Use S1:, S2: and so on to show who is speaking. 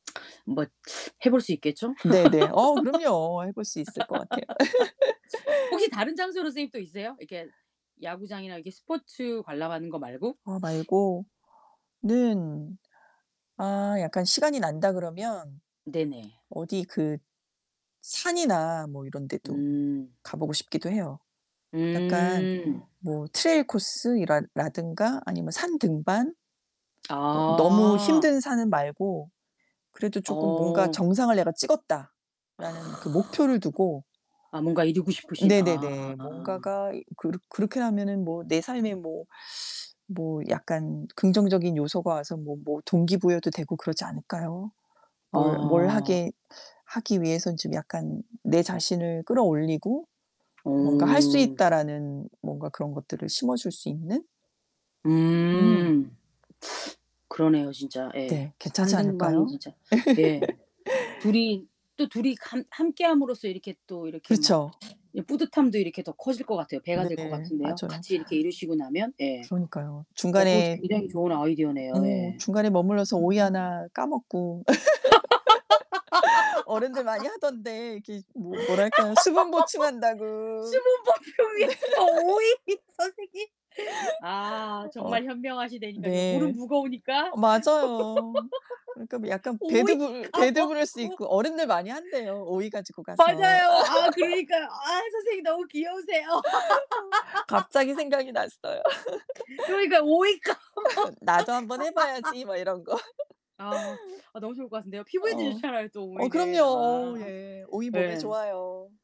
S1: 뭐 해 볼 수 있겠죠?
S2: 네네. 어 그럼요. 해 볼 수 있을 것 같아요.
S1: 혹시 다른 장소로 선생님 또 있어요? 이렇게 야구장이나 이렇게 스포츠 관람하는 거 말고?
S2: 어 말고는 아 약간 시간이 난다 그러면
S1: 네네.
S2: 어디 그 산이나 뭐 이런 데도
S1: 음.
S2: 가 보고 싶기도 해요. 약간
S1: 음.
S2: 뭐 트레일 코스 이랄 라든가 아니면 산 등반. 어 너무
S1: 아.
S2: 힘든 산은 말고 그래도 쪼끔 뭔가
S1: 어.
S2: "정상을 내가 찍었다."라는 그 목표를 두고.
S1: 아 뭔가 이루고
S2: 어
S1: 싶으신 아.
S2: 네네네. 뭔가가 이 그렇 그렇게 하면은 뭐 내 삶에 뭐, 뭐 약간 긍정적인 요소가 와서 뭐 뭐 동기부여도 되고 그러지 않을까요? 뭘 뭘
S1: 어.
S2: 하게 하기 위해선 좀 약간 내 자신을 끌어올리고 '뭔가 할 수
S1: 어.
S2: 있다.'라는 뭔가 그런 것들을 심어줄 수 있는? 음.
S1: 음. 그러네요 진짜. 예.
S2: 네.
S1: 산
S2: 괜찮지
S1: 등반이
S2: 않을까요?
S1: 진짜. 예. 둘이 또 둘이 감 함께함으로써 이렇게 또 이렇게 막
S2: 그쵸.
S1: 예 뿌듯함도 이렇게 더 커질 것 같아요. 배가 될 것
S2: 네.
S1: 같은데요
S2: 맞아요.
S1: 같이 이렇게 이루시고 나면. 예.
S2: 그러니까요.
S1: 어 그거
S2: 중간에
S1: 굉장히 좋은 아이디어네요.
S2: 어
S1: 예.
S2: 중간에 머물러서 오이 하나 까먹고. 어른들 많이 하던데 이게 뭐 뭐랄까요 수분 보충한다고.
S1: 수분 보충
S2: 네.
S1: 위해서 오이. 선생님. 아
S2: 어 어.
S1: 정말 현명하시다니까요. 물은
S2: 네.
S1: 무거우니까.
S2: 어 맞아요. 그러니까 뭐 약간
S1: 오이
S2: 배드 불 배드 브레스
S1: 까먹고.
S2: 있고 어른들 많이 한대요 오이 가지고 가서.
S1: 맞아요. 아 그러니까. 아 선생님 너무 귀여우세요.
S2: 어. 갑자기 생각이 났어요.
S1: 그러니까 오이 까먹
S2: '나도 한번 해 봐야지.' 막 이런 거.
S1: 아. 아 너무 좋을 것 같은데요. 피부에도
S2: 어.
S1: 좋잖아요 또
S2: 어
S1: 오이는.
S2: 그럼요. 어
S1: 아.
S2: 예. 오이 몸에
S1: 예.
S2: 좋아요.